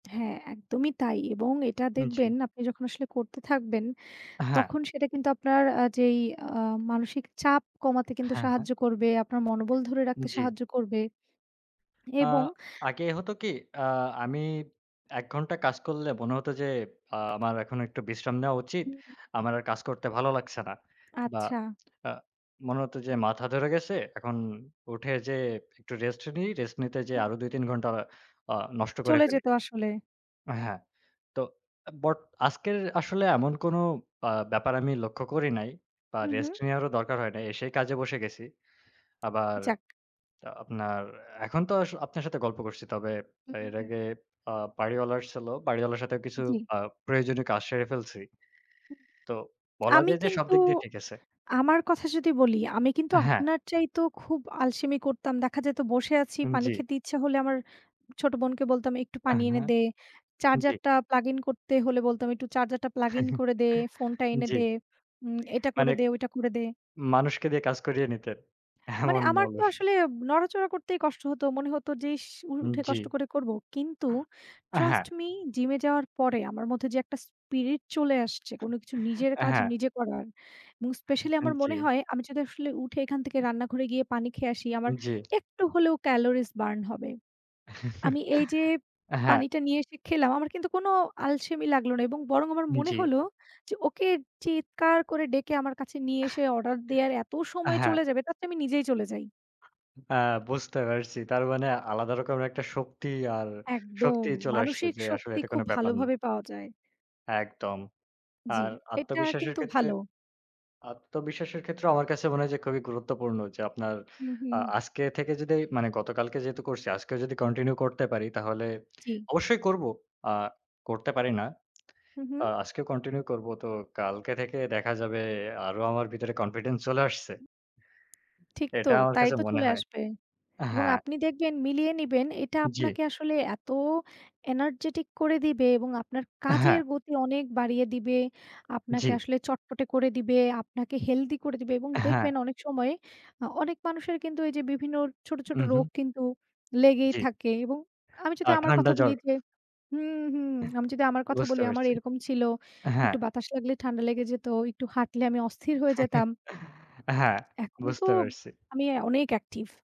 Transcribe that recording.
হ্যাঁ, একদমই তাই এবং এটা হুম, জি। দেখবেন আপনি যখন আসলে করতে থাকবেন, হ্যাঁ। তখন সেটা কিন্তু আপনার আ যেই আ মানসিক চাপ কমাতে কিন্তু হ্যাঁ, হ্যাঁ। সাহায্য করবে, আপনার মনোবল ধরে উম রাখতে জি। সাহায্য করবে। আ এবং আগে হতো কি? আ আমি ১ ঘণ্টা কাজ করলে মনে হত যে, আ "আমার এখন একটু বিশ্রাম নেওয়া উচিত। হুম। আমার আর কাজ করতে ভালো লাগছে না।" বা আচ্ছা। আ মনে হত যে, "মাথা ধরে গেছে। এখন উঠে যে একটু রেস্ট নিই।" রেস্ট নিতে যেয়ে হুম। আরও ২-৩ ঘণ্টা আ নষ্ট করে চলে ফেলি যেত আসলে। হ্যাঁ। তো বাট আজকের আসলে এমন কোনো আ ব্যাপার আমি লক্ষ্য করি নাই। বা হু, হু। রেস্ট নেওয়ারও দরকার হয় নাই। এসেই কাজে বসে গেছি। আবার যাক। আপনার এখন তো আপনার সাথে গল্প করছি। তবে হু, এর আগে হু। আ বাড়িওয়ালা আসছিল। বাড়িওয়ালার সাথেও কিছু জি। আ প্রয়োজনীয় কাজ সেরে ফেলছি। তো বলা আমি যায় যে, সব কিন্তু, দিক দিয়ে ঠিক আছে। আমার কথা যদি বলি। আমি কিন্তু হ্যাঁ। আপনার চাইতেও খুব আলসেমি করতাম। দেখা যায় তো বসে আছি, হুম, পানি জি। খেতে ইচ্ছা হলে আমার ছোট বোনকে বলতাম "একটু পানি এনে হ্যাঁ। দে।" চার্জার জি। টা প্লাগ ইন করতে হলে বলতাম "একটু চার্জার টা প্লাগ ইন করে দে, ফোনটা এনে জি। দে, উম এটা মানে করে দে, ওটা করে দে।" মানুষকে দিয়ে কাজ করিয়ে নিতেন। মানে এমন আমার তো অলস। আসলে নড়াচড়া করতেই কষ্ট হত। মনে হত যে, "ইস উর উম উঠে জি। কষ্ট করে করব।" কিন্তু হ্যাঁ। ট্রাস্ট মি, জিম এ যাওয়ার পরে আমার মধ্যে যে একটা স্পিরিট চলে আসছে, কোনো কিছু নিজের কাজ হ্যাঁ। নিজে করার এবং স্পেশালি আন আমার জি। মনে হয়, আমি যদি আসলে উঠে এখান থেকে রান্নাঘরে গিয়ে পানি খেয়ে আসি, আমার উম জি। একটু হলেও ক্যালোরিস বার্ন হবে। আমি এই যে হ্যাঁ। পানিটা নিয়ে এসে খেলাম, আমার কিন্তু কোনো আলসেমি লাগলো না এবং বরং আমার উম মনে জি। হলো যে, "ওকে চিৎকার করে ডেকে আমার কাছে নিয়ে এসে, অর্ডার দেওয়ার এত সময় হ্যাঁ। চলে যাবে, তারচেয়ে আমি নিজেই চলে যাই।" বা বুঝতে পারছি। তার মানে, আলাদা রকম একটা শক্তি আর একদম। শক্তি চলে আসছে মানসিক যে, "আসলে শক্তি এটা কোন খুব ব্যাপার না।" ভালোভাবে পাওয়া যায়। একদম। জি, আর এটা আত্মবিশ্বাসের কিন্তু ক্ষেত্রে ভালো। আত্মবিশ্বাসের ক্ষেত্রেও আমার কাছে মনে হয় যে, খুবই গুরুত্বপূর্ণ। যে আপনার হুম, আ হুম। আজকে থেকে যদি, মানে গতকালকে যেহেতু করছি, আজকেও যদি কন্টিনিউ করতে পারি তাহলে; ঠিক। অবশ্যই করব। আ করতে পারি না। হু, আ হু। আজকেও কন্টিনিউ করবো। তো কালকে থেকে দেখা যাবে আরো আমার ভিতরে কনফিডেন্স চলে আসছে। ঠিক তো? এটা আমার তাই কাছে তো মনে চলে হয় আসবে। এবং হ্যাঁ। আপনি দেখবেন, মিলিয়ে নিবেন। এটা জি। আপনাকে আসলে এত এনার্জেটিক করে দিবে এবং আপনার কাজের হ্যাঁ। গতি অনেক বাড়িয়ে দিবে, আপনাকে জি। আসলে চটপটে করে দিবে, আপনাকে হেলথি করে দিবে এবং হ্যাঁ। দেখবেন অনেক সময়, আ অনেক মানুষের কিন্তু এই যে বিভিন্ন ছোট, ছোট উহুম। রোগ কিন্তু লেগেই জি। থাকে। এবং আমি আ যদি আমার ঠান্ডা কথা বলি জ্বর। যে হুম, হুম। আমি যদি আমার কথা বুঝতে বলি, আমার পেরেছি। এরকম ছিল। হ্যাঁ। একটু বাতাস লাগলে ঠান্ডা লেগে যেত, একটু হাঁটলে আমি অস্থির হয়ে যেতাম হ্যাঁ। এখন তো, বুঝতে পারছি। আমি অনেক অ্যাকটিভ।